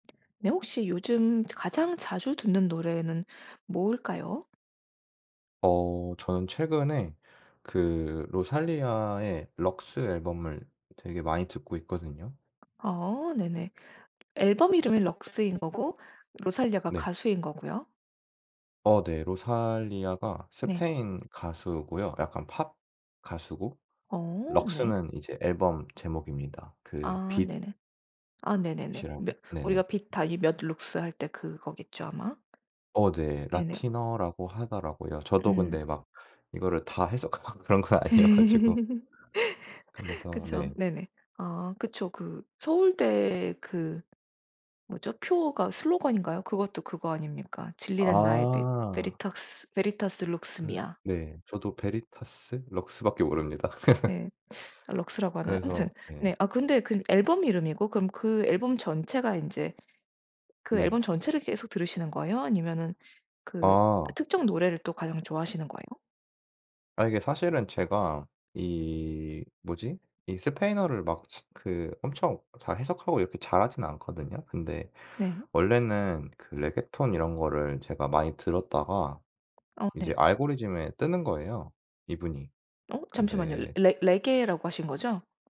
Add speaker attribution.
Speaker 1: 네. 혹시 요즘 가장 자주 듣는 노래는 뭘까요?
Speaker 2: 어. 저는 최근에 그 로살리아의 럭스 앨범을 되게 많이 듣고 있거든요.
Speaker 1: 아 네네. 앨범 이름이 럭스인 거고 로살리아가
Speaker 2: 네.
Speaker 1: 가수인 거고요?
Speaker 2: 어 네. 로살리아가
Speaker 1: 네.
Speaker 2: 스페인 가수고요. 약간 팝 가수고
Speaker 1: 어 네.
Speaker 2: 럭스는 이제 앨범 제목입니다. 그
Speaker 1: 아
Speaker 2: 빛
Speaker 1: 네네. 아 네네네.
Speaker 2: 이라고
Speaker 1: 몇 우리가
Speaker 2: 네네.
Speaker 1: 비타 이 몇 룩스 할 때 그거겠죠 아마?
Speaker 2: 어 네.
Speaker 1: 네네.
Speaker 2: 라틴어라고 하더라고요. 저도
Speaker 1: 음.
Speaker 2: 근데 막 이거를 다 해석하고 막 그런 건 아니어 가지고. 그래서
Speaker 1: 그쵸.
Speaker 2: 네.
Speaker 1: 네네. 아 그쵸. 그 서울대 그 뭐죠? 표어가 슬로건인가요? 그것도 그거 아닙니까? 진리는 나의 빛.
Speaker 2: 아.
Speaker 1: 베리탁스 베리타스 룩스
Speaker 2: 그
Speaker 1: 미아.
Speaker 2: 네. 저도 베리타스 럭스밖에 모릅니다.
Speaker 1: 예. 아 럭스라고 하나요? 아무튼
Speaker 2: 그래서 예.
Speaker 1: 네. 아 근데 그건 앨범 이름이고 그럼 그 앨범 전체가 인제 그
Speaker 2: 네.
Speaker 1: 앨범 전체를 계속 들으시는 거에요? 아니면은 그 어
Speaker 2: 아.
Speaker 1: 특정 노래를 또 가장 좋아하시는 거예요?
Speaker 2: 아 이게 사실은 제가 이 뭐지? 이 스페인어를 막 그 엄청 다 해석하고 이렇게 잘하진 않거든요. 근데
Speaker 1: 네.
Speaker 2: 원래는 그 레게톤 이런 거를 제가 많이 들었다가
Speaker 1: 아 네.
Speaker 2: 이제 알고리즘에 뜨는 거에요, 이분이.
Speaker 1: 어. 잠시만요.
Speaker 2: 근데
Speaker 1: 레 레게라고 하신 거죠?